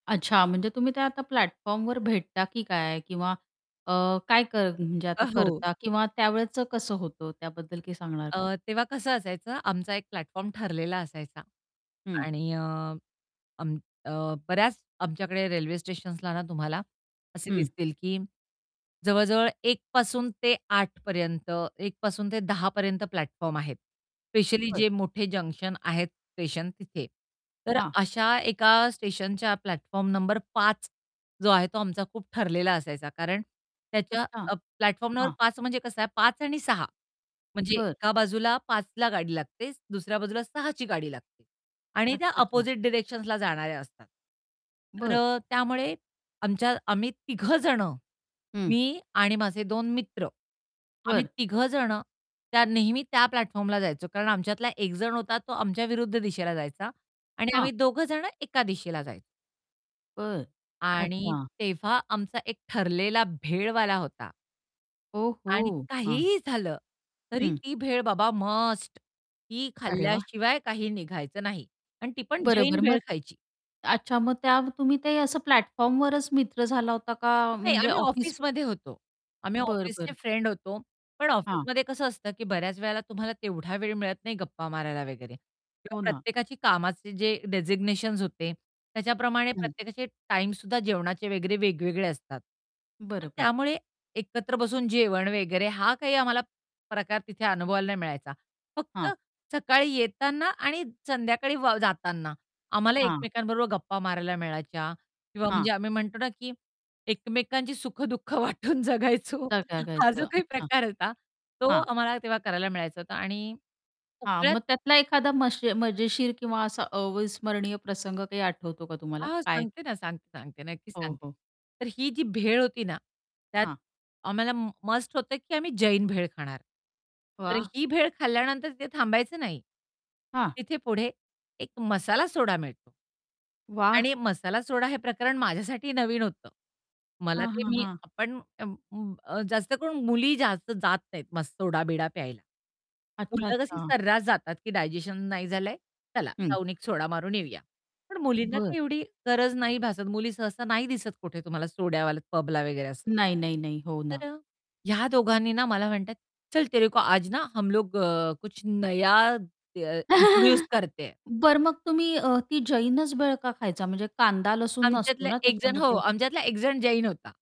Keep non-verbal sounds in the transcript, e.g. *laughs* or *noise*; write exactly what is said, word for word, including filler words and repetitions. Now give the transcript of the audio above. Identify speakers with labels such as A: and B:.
A: अच्छा. म्हणजे तुम्ही ते आता प्लॅटफॉर्मवर भेटता, की काय? किंवा अ, काय कर म्हणजे
B: अ,
A: आता
B: हो.
A: करता किंवा त्यावेळचं कसं होतं त्याबद्दल काही सांगणार का?
B: अ, तेव्हा कसं असायचं आमचा एक प्लॅटफॉर्म ठरलेला असायचा
A: हं.
B: आणि अ, अम, अ, बऱ्याच आमच्याकडे रेल्वे स्टेशन्सला ना तुम्हाला असे
A: हं.
B: दिसतील, की जवळ-जवळ एक पासून ते आठ पर्यंत एक पासून ते दहा पर्यंत प्लॅटफॉर्म आहेत, स्पेशली
A: बरं.
B: जे मोठे जंक्शन आहेत स्टेशन तिथे. तर
A: हां.
B: अशा एका स्टेशनच्या प्लॅटफॉर्म नंबर पाच जो आहे तो आमचा खूप ठरलेला असायचा. कारण त्याच्या
A: अच्छा.
B: अ, प्लॅटफॉर्म नंबर
A: हां.
B: पाच म्हणजे कसं आहे पाच आणि सहा म्हणजे
A: बरं.
B: एका बाजूला पाच ला गाडी लागते दुसऱ्या बाजूला सहा ची गाडी लागते आणि
A: अच्छा.
B: त्या
A: अच्छा.
B: अपोझिट डायरेक्शन्सला जाणाऱ्या असतात. तर
A: बरं.
B: अ, त्यामुळे आमच्या आम्ही तिघं जण,
A: हं.
B: मी आणि माझे दोन मित्र. आम्ही
A: बरं.
B: तिघं जण त्या नेहमी त्या प्लॅटफॉर्मला जायचो. कारण आमच्यातला एक जण होता तो आमच्या विरुद्ध दिशेला जायचा आणि आम्ही
A: हां.
B: दोघं जण एका दिशेला जायचो.
A: बरं.
B: आणि
A: अच्छा.
B: तेव्हा आमचा एक ठरलेला भेळवाला होता.
A: ओह हो!
B: आणि
A: हां.
B: काहीही झालं, तरी
A: हं.
B: ती भेळ बाबा मस्ट ती
A: अरे वाह!
B: खाल्ल्याशिवाय काही निघायचं नाही आणि ती पण जैन
A: बरोबर.
B: भेळ
A: मग
B: खायची.
A: अच्छा. मग त्या तुम्ही ते असं प्लॅटफॉर्मवरच मित्र झाला होता का
B: नाही,
A: म्हणजे
B: आम्ही
A: ऑफिस?
B: ऑफिसमध्ये होतो. आम्ही
A: बरं,
B: ऑफिसचे
A: बरं.
B: फ्रेंड होतो, पण
A: हां.
B: ऑफिसमध्ये कसं असतं, की बऱ्याच वेळेला तुम्हाला तेवढा वेळ मिळत नाही गप्पा मारायला वगैरे किंवा
A: हो ना.
B: प्रत्येकाची कामाचे जे डेझिग्नेशन्स होते. त्याच्याप्रमाणे
A: हं.
B: प्रत्येकाचे टाईम सुद्धा जेवणाचे वगैरे वेगवेगळे असतात. तर
A: बरं, बरं.
B: त्यामुळे एकत्र बसून जेवण वगैरे हा काही आम्हाला प्रकार तिथे अनुभवायला नाही मिळायचा. फक्त
A: हां.
B: सकाळी येताना आणि संध्याकाळी वा जाताना आम्हाला
A: हां.
B: एकमेकांबरोबर गप्पा मारायला मिळायच्या किंवा म्हणजे
A: हां.
B: आम्ही म्हणतो ना, की एकमेकांची सुख-दुःख वाटून जगायचो
A: आता काय
B: हा
A: खायचं?
B: जो काही
A: अच्छा.
B: प्रकार होता तो
A: हां.
B: आम्हाला तेव्हा करायला मिळायचा होता आणि
A: हां,
B: सगळ्यात
A: मग त्यातला एखादा मशीर मजेशीर किंवा असा अविस्मरणीय प्रसंग आठवतो का तुम्हाला?
B: हां,
A: काय?
B: सांगते ना सांगते, सांगते, नक्कीच
A: हो,
B: सांगते.
A: हो.
B: तर ही जी भेळ होती ना, त्यात
A: हां.
B: आम्हाला मस्ट होत, की आम्ही जैन भेळ खाणार. तर
A: वाह!
B: ही भेळ खाल्ल्यानंतर ते थांबायचं नाही.
A: हां.
B: तिथे पुढे एक मसाला सोडा मिळतो
A: वाह!
B: आणि मसाला सोडा हे प्रकरण माझ्यासाठी नवीन होतं. मला
A: हां,
B: ते
A: हां,
B: मी
A: हां.
B: आपण अं, उम्म, अ, जास्त करून मुली जास्त जात नाहीत मस सोडा-बिडा प्यायला.
A: अच्छा,
B: मुलं कशी
A: अच्छा.
B: सर्रास जातात, की डायजेशन नाही झालं आहे चला
A: हं.
B: जाऊन एक सोडा मारून येऊया. पण मुलींना
A: बरं.
B: ते एवढी गरज नाही भासत मुली सहसा नाही दिसत कुठे तुम्हाला सोड्यावाल्या पबला वगैरे असं.
A: नाही, नाही, नाही, हो ना.
B: तर अ, ह्या दोघांनी ना, मला म्हणतात, "चल तेरे को आज ना हम लोग अ, कुछ नया दय इंट्रोड्यूस
A: *laughs*
B: करते हे."
A: बरं मग तुम्ही अ, ती जैनच भेळ का खायचा? म्हणजे कांदा लसूण नसतो
B: आमच्यातला
A: ना,
B: एक जण हो,
A: त्याच्यामध्ये.
B: आमच्यातला एक जण जैन होता.